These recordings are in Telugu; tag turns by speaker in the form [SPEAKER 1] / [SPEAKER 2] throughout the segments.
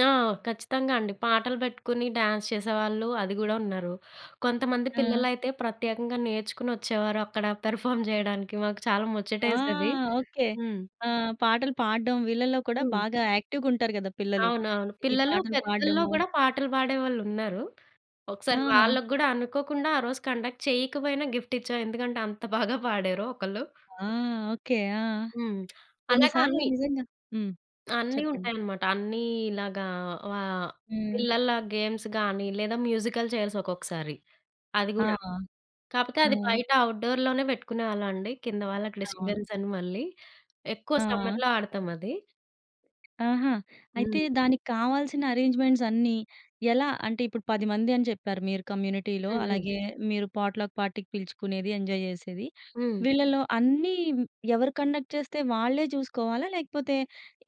[SPEAKER 1] ఆ! ఖచ్చితంగా అండి. పాటలు పెట్టుకొని డ్యాన్స్ చేసేవాళ్ళు అది గూడా ఉన్నారు. కొంతమంది
[SPEAKER 2] ఆ!
[SPEAKER 1] పిల్లలైతే ప్రత్యేకంగా నేర్చుకొనొచ్చేవారు అక్కడ పెర్ఫార్మ్ చేయడానికి మాకు చాలా
[SPEAKER 2] ఆ!
[SPEAKER 1] ముచ్చటేసేది.
[SPEAKER 2] ఓకె.
[SPEAKER 1] హ్మ్.
[SPEAKER 2] ఆహ్, పాటలు పాడడం వీళ్ళలో కూడా
[SPEAKER 1] హ్మ్.
[SPEAKER 2] బాగా యాక్టివ్‌గుంటారు కదా పిల్లలు.
[SPEAKER 1] అవునవును.
[SPEAKER 2] ఈ
[SPEAKER 1] పిల్లలు
[SPEAKER 2] పాటలు
[SPEAKER 1] పెద్దలో
[SPEAKER 2] పాడడము.
[SPEAKER 1] గూడా పాటలు పాడేవాళ్ళున్నారు. ఒకసారి
[SPEAKER 2] ఆ!
[SPEAKER 1] వాళ్ళకి గూడా అనుకోకుండా, ఆ రోజు కండక్ట్ చేయకపోయినా గిఫ్ట్ ఇచ్చాం. ఎందుకంటే అంత బాగా పాడారు ఒకళ్ళు.
[SPEAKER 2] ఆ! ఓకె. ఆ!
[SPEAKER 1] హ్మ్,
[SPEAKER 2] కొన్ని
[SPEAKER 1] అలాగా
[SPEAKER 2] సార్లు
[SPEAKER 1] అన్ని.
[SPEAKER 2] నిజంగా హ్మ్.
[SPEAKER 1] అన్ని
[SPEAKER 2] చెప్పండి.
[SPEAKER 1] ఉంటాయన్నమాట. అన్ని ఇలాగా వా
[SPEAKER 2] హ్మ్.
[SPEAKER 1] పిల్లల గేమ్స్ గాని లేదా మ్యూజికల్ చైర్స్ ఒక్కొక్కసారి. అది
[SPEAKER 2] ఆ!
[SPEAKER 1] గూడా. కాపోతే అది
[SPEAKER 2] హ్మ్.
[SPEAKER 1] బయట ఔట్‌డోర్‌లోనే పెట్టుకునేవాళ్ళమండి. కింద వాళ్ళకి
[SPEAKER 2] అవును.
[SPEAKER 1] డిస్టర్బెన్స్ అని మళ్ళీ. ఎక్కువ
[SPEAKER 2] ఆ!
[SPEAKER 1] సమ్మర్‌లో ఆడతామది.
[SPEAKER 2] ఆహా! అయితే
[SPEAKER 1] హ్మ్.
[SPEAKER 2] దానికి కావాల్సిన అరేంజ్‌మెంట్స్ అన్నీ ఎలా? అంటే, ఇప్పుడు 10 మందని చెప్పారు మీరు కమ్యూనిటీలో.
[SPEAKER 1] హ్మ్. హ్మ్.
[SPEAKER 2] అలాగే మీరు పాట్ లక్ పార్టీకి పిలుచుకునేది ఎంజాయ్ జెసేది.
[SPEAKER 1] హ్మ్.
[SPEAKER 2] వీళ్ళలో అన్నీ ఎవరు కండక్ట్ చేస్తే, వాళ్ళే జూసుకోవాలా? లేకపోతే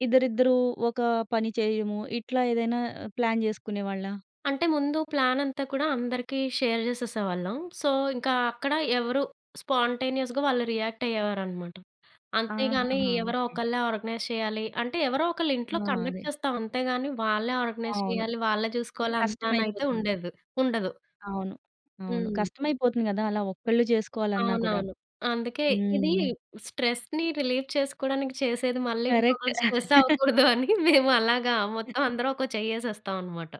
[SPEAKER 2] ఇద్దరిద్దరూ ఒక పని చేయడము, ఇట్లా ఏదైనా ఆహ్, ప్లాన్ చేసుకునేవాళ్ళా?
[SPEAKER 1] అంటే ముందు ప్లానంతా కూడా అందరికి షేర్ చేసేసేవాళ్ళం. సో ఇంకా అక్కడ ఎవరూ స్పాంటేనియస్‌గా వాళ్ళు రియాక్ట్ అయ్యేవారన్నమాట. అంతేగాని
[SPEAKER 2] ఆహాహా!
[SPEAKER 1] ఎవరో
[SPEAKER 2] ఓకె.
[SPEAKER 1] ఒకళ్ళే ఆర్గనైజ్ చేయాలి అంటే ఎవరో ఒకళ్ళ
[SPEAKER 2] ఆ!
[SPEAKER 1] ఇంట్లో కండక్ట్
[SPEAKER 2] అదే.
[SPEAKER 1] చేస్తాం. అంతేగాని వాళ్ళే ఆర్గనైజ్
[SPEAKER 2] అవును.
[SPEAKER 1] చేయాలి. వాళ్ళే
[SPEAKER 2] అదే
[SPEAKER 1] చూసుకోవాలంతా అని అయితే
[SPEAKER 2] కష్టమైపోతుంది.
[SPEAKER 1] ఉండేదు ఉండదు.
[SPEAKER 2] అవును. అవును.
[SPEAKER 1] హ్మ్.
[SPEAKER 2] కష్టమైపోతుంది గదా! అలా ఒక్కళ్ళే చేసుకోవాలన్నా గూడా.
[SPEAKER 1] అవునవును. అందుకే ఇది
[SPEAKER 2] హ్మ్.
[SPEAKER 1] స్ట్రెస్‌ని రిలీఫ్ చేసుకోవడానికి చేసేది మళ్ళీ
[SPEAKER 2] కరెక్ట్.
[SPEAKER 1] ఇంకొకరికి స్ట్రెస్ అవ్వకూడదని మేము అలాగా మొత్తమందరం ఒక చెయ్యేసేస్తామన్నమాట.